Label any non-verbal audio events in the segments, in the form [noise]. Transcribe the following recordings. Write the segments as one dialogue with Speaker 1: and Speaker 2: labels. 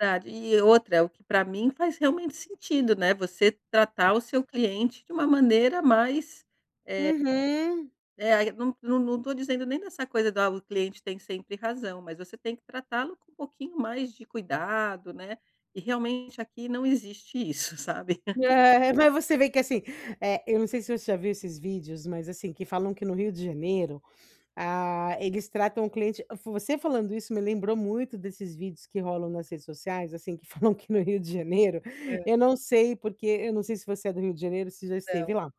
Speaker 1: Verdade. E, outra é o que pra mim faz realmente sentido, né, você tratar o seu cliente de uma maneira mais, eh
Speaker 2: Uhum.
Speaker 1: É, aí não não não tô dizendo nem dessa coisa da "o cliente tem sempre razão", mas você tem que tratá-lo com um pouquinho mais de cuidado, né, e realmente aqui não existe isso, sabe. [laughs]
Speaker 2: É, mas você vê que, assim. Eh, eu não sei se você já viu esses vídeos, mas, assim, que falam que no Rio de Janeiro, ah, eles tratam o cliente você falando isso me lembrou muito desses vídeos que rolam nas redes sociais, assim, que falam que no Rio de Janeiro,
Speaker 1: Hã.
Speaker 2: eu não sei porque eu não sei se você é do Rio de Janeiro ou se já
Speaker 1: Não.
Speaker 2: esteve lá.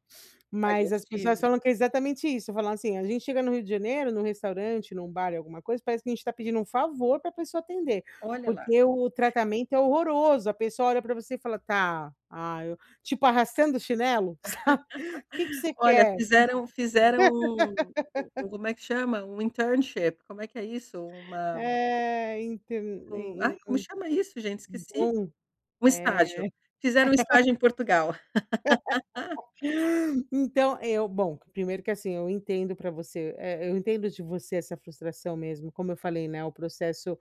Speaker 1: Ah, já
Speaker 2: Mas as pessoas
Speaker 1: estive.
Speaker 2: falam que é exatamente isso. Falam assim: "A gente chega no Rio de Janeiro, no restaurante, num bar e alguma coisa parece que a gente tá pedindo um favor pra pessoa atender".
Speaker 1: Olha lá.
Speaker 2: Porque o
Speaker 1: [laughs]
Speaker 2: tratamento é horroroso. A pessoa olha pra você e fala: "Tá, ai eu" tipo arrastando o chinelo, sabe. "Que que
Speaker 1: [laughs]
Speaker 2: você
Speaker 1: Olha,
Speaker 2: quer?"
Speaker 1: fizeram fizeram um um um
Speaker 2: [laughs]
Speaker 1: como é que chama? Um internship, como é que é isso? Uma
Speaker 2: É, então.
Speaker 1: um
Speaker 2: Em em em
Speaker 1: ai, como chama isso, gente?
Speaker 2: hum,
Speaker 1: Esqueci!
Speaker 2: bom.
Speaker 1: Um
Speaker 2: É.
Speaker 1: estágio. Fizeram estágio
Speaker 2: [laughs]
Speaker 1: em Portugal. [laughs]
Speaker 2: [laughs] Então eu bom, que primeiro que, assim, eu entendo pra você, eh eu entendo de você essa frustração mesmo. Como eu falei, né, o processo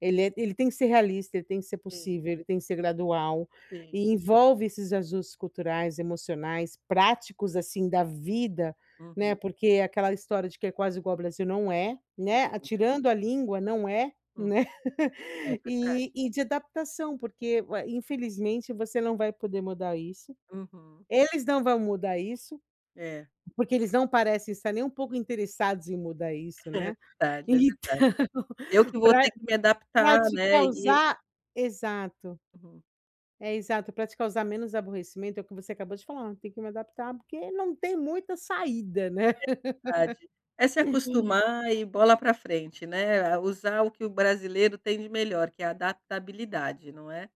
Speaker 2: ele é ele tem que ser realista, ele tem que ser
Speaker 1: Sim.
Speaker 2: possível, ele tem que ser gradual,
Speaker 1: Sim.
Speaker 2: e envolve esses ajustes culturais, emocionais, práticos, assim, da vida, né.
Speaker 1: Uhum.
Speaker 2: Porque aquela história de que é quase igual o Brasil, não é, né. A
Speaker 1: Não é.
Speaker 2: tirando a língua, não é,
Speaker 1: Hum.
Speaker 2: né,
Speaker 1: É verdade.
Speaker 2: e e de adaptação porque ué, infelizmente você não vai poder mudar isso.
Speaker 1: Uhum.
Speaker 2: Eles não vão mudar isso,
Speaker 1: É.
Speaker 2: porque eles não parecem estar nem um pouco interessados em mudar isso,
Speaker 1: É
Speaker 2: né.
Speaker 1: verdade, é
Speaker 2: Então,
Speaker 1: verdade. Eu que vou
Speaker 2: pra
Speaker 1: ter que me
Speaker 2: pra
Speaker 1: adaptar,
Speaker 2: te
Speaker 1: né. E
Speaker 2: causar exato.
Speaker 1: Uhum.
Speaker 2: É, exato. Pra te causar menos aborrecimento é o que você acabou de falar. Tem que me adaptar porque não tem muita saída, né.
Speaker 1: É verdade. É se
Speaker 2: [laughs]
Speaker 1: acostumar e bola pra frente, né. É usar o que o brasileiro tem de melhor, que é a adaptabilidade, não é?